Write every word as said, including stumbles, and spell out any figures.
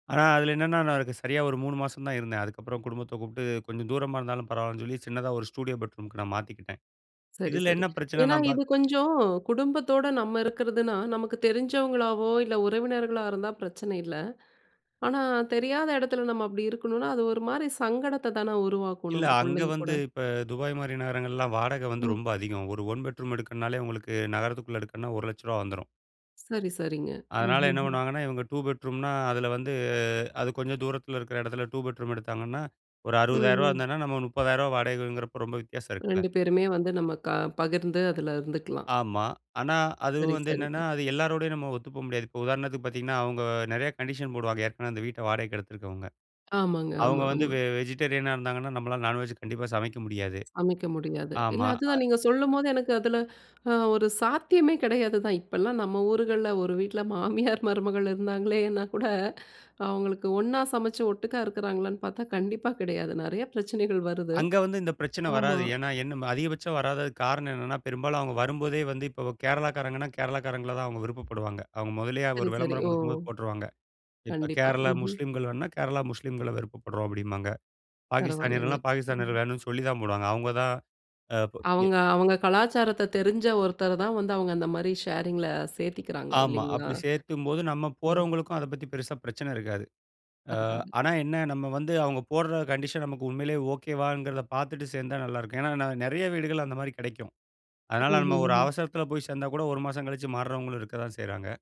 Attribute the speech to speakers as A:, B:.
A: ஆனா, அதில என்னென்னா, அதுக்கு நான் சரியா ஒரு மூணு மாசம் தான் இருந்தேன். அதுக்கப்பறம் குடும்பத்த கூப்பிட்டு கொஞ்சம் தூரமா இருந்தாலும் பரவாயில்லன்னு சொல்லி, சின்னதா ஒரு ஸ்டுடியோ பெட்ரூம்க்கு நான் மாத்திக்கிட்டேன்.
B: சரி,
A: இதில
B: சரி.
A: என்ன பிரச்சனை
B: ஏன்னா
A: நான் பாத்
B: இது கொஞ்சம் குடும்பத்தோட நம்ம இருக்கிறதுனா, நமக்கு தெரிஞ்சவங்களாவோ இல்ல, உறவினர்களா இருந்தா பிரச்சன இல்ல. ஆனா, தெரியாத இடத்துல நம்ம அப்பிடி இருக்கணுன்னா, அது ஒருமாரி சங்கடத்த தான உருவாக்கும்
A: இல்ல.
B: நமக்கு
A: அங்க
B: உள்ளயுங்கூட.
A: வந்து இப்ப துபாய் மாதிரி நகரங்கள்லாம் வாடக வந்து
B: ம்.
A: ரொம்ப அதிகம். ஒரு ஒன் பெட்ரூம் எடுக்கணும்னாலே, உங்களுக்கு நகரத்துக்குள்ள எடுக்கணுன்னா ஒரு லட்சரூபா வந்துரும்.
B: சரி, சரிங்க. ம்,
A: அதனால
B: ம்,
A: என்ன
B: ம்.
A: பண்ணுவாங்கன்னா, இவங்க டூ பெட்ரூம்னா, அதில வந்து அது கொஞ்சம் தூரத்தில இருக்கிற இடத்துல டூ பெட்ரூம் எடுத்தாங்கன்னா ஒரு
B: ம்
A: அறுவதாயிர ரூபா
B: ம்.
A: இருந்ததுனா நம்ம முப்பதாயிர ரூபா வாடகைங்கிறப்போ ரொம்ப வித்தியாசம் இருக்குல்ல.
B: ரெண்டு பேருமே வந்து நம்ம க பகிர்ந்து அதுல இருந்துக்கலாம்.
A: ஆமா. ஆனா, அது
B: சரி,
A: வந்து என்னென்னா,
B: சரிங்க.
A: அது எல்லாரோடையும் நம்ம ஒத்து போ முடியாது. இப்போ உதாரணத்துக்கு பாத்தீங்கன்னா, அவுங்க நெறைய கண்டிஷன் போடுவாங்க. ஏற்கனவே அந்த வீட்ட வாடகைக்கு எடுத்திருக்கவுங்க.
B: ஆமாங்க,
A: அவுங்க
B: ஆமா,
A: வந்து
B: ஆமா.
A: வெ வெஜிடேரியனா இருந்தாங்கன்னா, நம்மளால நான்வெஜ் கண்டிப்பா சமைக்க முடியாது.
B: சமைக்க முடியாது. இல்ல
A: ஆமா.
B: அதுதான் நீங்க சொல்லும்போது எனக்கு அதுல அ ஒரு சாத்தியமே கிடையாது தான். இப்பல்லாம் நம்ம ஊர்கள்ல ஒரு வீட்ல மாமியார், மருமகள் இருந்தாங்களேன்னா கூட அவுங்களுக்கு ஒன்னா சமைச்சு ஒட்டுக்கா இருக்கிறாங்களான்னு பாத்தா கண்டிப்பா கிடையாது. நெறைய பிரச்சனைகள் வருது.
A: அங்க வந்து இந்த பிரச்சன
B: ஆமா.
A: வராது. ஏன்னா, என்ன அதிகபட்சம் வராததுக்கு காரணம் என்னென்னா, பெரும்பாலும் அவுங்க வரும்போதே வந்து இப்ப கேரளாக்காரங்கன்னா, கேரளாக்காரங்கள தான் அவுங்க விருப்பப்படுவாங்க. அவுங்க முதல்லயே
B: சரி,
A: ஒரு
B: சரி.
A: விளம்பரம்
B: ஓ!
A: கொடுக்கும்போது போட்ருவாங்க. இப்ப
B: கண்டிப்பா.
A: கேரளா
B: ம்ஹ்ம்.
A: முஸ்லீம்கள் வேணுனா, கேரளா முஸ்லீம்கள விருப்பப்படுறோம் அப்பிடிம்பாங்க.
B: பரவாயில்லங்க.
A: பாகிஸ்தானியர்கள்லாம், பாகிஸ்தானியர்கள்
B: ம்.
A: வேணுன்னு சொல்லிதான் போடுவாங்க. அவுங்க தான், அ ப் ஏ
B: அவுங்க, அவுங்க கலாச்சாரத்த தெரிஞ்ச ஒருத்தரதான் வந்து அவுங்க அந்தமாரி ஷேரிங் ல சேர்த்திக்கிறாங்க
A: ஆமா,
B: இல்லேங்களா!
A: அப்பிடி சேர்த்தும்போது நம்ம
B: ம்.
A: போறவங்களுக்கும் அத பத்தி பெருசா பிரச்சனை இருக்காது. அ
B: பரவால்ல.
A: ஆனா, என்ன நம்ம வந்து அவுங்க போட்ற கண்டிஷன் நமக்கு உண்மையிலேயே ஓகே வாங்கிறத பாத்துட்டு சேர்ந்தா நல்லாயிருக்கும். ஏன்னா, நான் நெறைய வீடுகள் அந்தமாரி கிடைக்கும்.
B: ம்,
A: அதனால நம்ம ஒரு
B: ம், ம்.
A: அவசரத்துல போய் சேர்ந்தா கூட ஒரு மாசம் கழித்து மாறுறவங்களும் இருக்க தான் செய்றாங்க.